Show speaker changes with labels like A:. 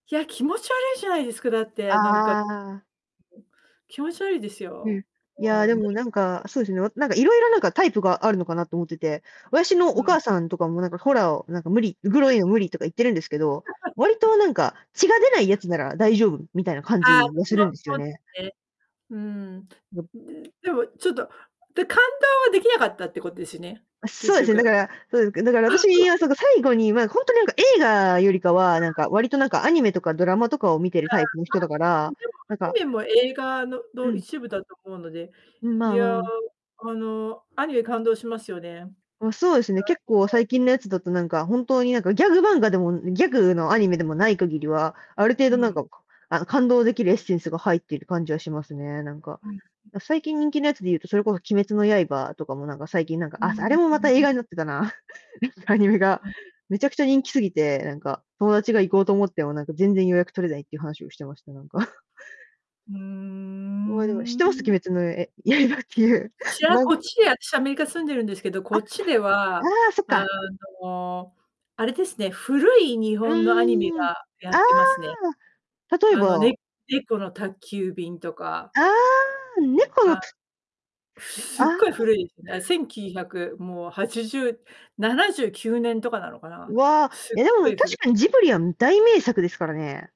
A: いや、気持ち悪いじゃないですか、だってなんか
B: ああ。
A: うん。気持ちわりです
B: うん。
A: よ。
B: いや
A: もう、
B: で
A: 無
B: も、
A: 理、
B: なん
A: う
B: か、
A: ん。
B: そうですね、わなんか、色々、なんか、タイプがあるのかなと思ってて、私の
A: う
B: お
A: ん。
B: 母さんとかもなんかホラーを、なんか「無理、グロいの無 理」とか言ってるんですけど、わりと なんか、血が出ないやつなら大丈夫みたいな感
A: ああ、わ
B: じが
A: し
B: す
A: も
B: るんですよ
A: そうで
B: ね。
A: すね。うん。ん
B: うん。
A: ぬでも、ちょっと、で、感動はできなかったってことですね？
B: あ、そ
A: 結
B: うですね、だ
A: 局。
B: から、そうで、けだから、あたしは、その、最後に、まあ、ほんとになんか映画よりか
A: そうだ
B: は、なんか、わりと、なんか、アニメとかドラマとかを見てる
A: ああ、あ、
B: タイプの人だか
A: うん、
B: ら、
A: でも、
B: なん
A: アニ
B: か
A: メも映画の
B: う
A: の、
B: ん。
A: 一部だと思うので、
B: うん、
A: い
B: まあまあ
A: や、
B: まあ。
A: あの、アニメ感動しますよね。
B: ま、そうですね、結構
A: さそう。
B: 最近のやつだと、なんか、本当に、なんか、ギャグ漫画でも、ん、ギャグのアニメでもない限りは、ある程
A: う
B: 度なん
A: ん。
B: か、かあの、感動できるエッセンスが入っている感じはしますね、なんか。
A: うん、うん。
B: あ、最近人気のやつで言うと、それこそ鬼滅の刃とかも、なんか、最近、なんか、
A: う
B: あ、そ、あ
A: ん、
B: れも
A: う
B: また
A: んう
B: 映
A: ん。
B: 画になってたな。アニメが、
A: うん。
B: めちゃくちゃ人気すぎて、なんか、友達が行こうと思っても、なんか全然予約取れないって話をしてました、なんか。
A: うー
B: もう、でも、知ってます？
A: ん。
B: 鬼滅のええ刃っていう、
A: しあ
B: まん
A: こっちで、あたしアメリカ住んでるんですけど、
B: あ、
A: こ
B: あ
A: っちでは、
B: あ、そっ
A: あ
B: か。
A: の、あれですね、古い日
B: う
A: 本のアニメ
B: ーん。あ
A: がやってますね。
B: あ。例え
A: あの、
B: ば？
A: ね猫の宅急便とか。
B: ああ、猫の
A: あ、
B: たあれ、
A: す
B: あ
A: っごい
B: あ。
A: 古いす、な1900、もう、8079年とかなのかな。
B: うわ、
A: すっ
B: や、で
A: ご
B: も、
A: い
B: 確
A: 古
B: かにジブリは、ん、大名作ですからね。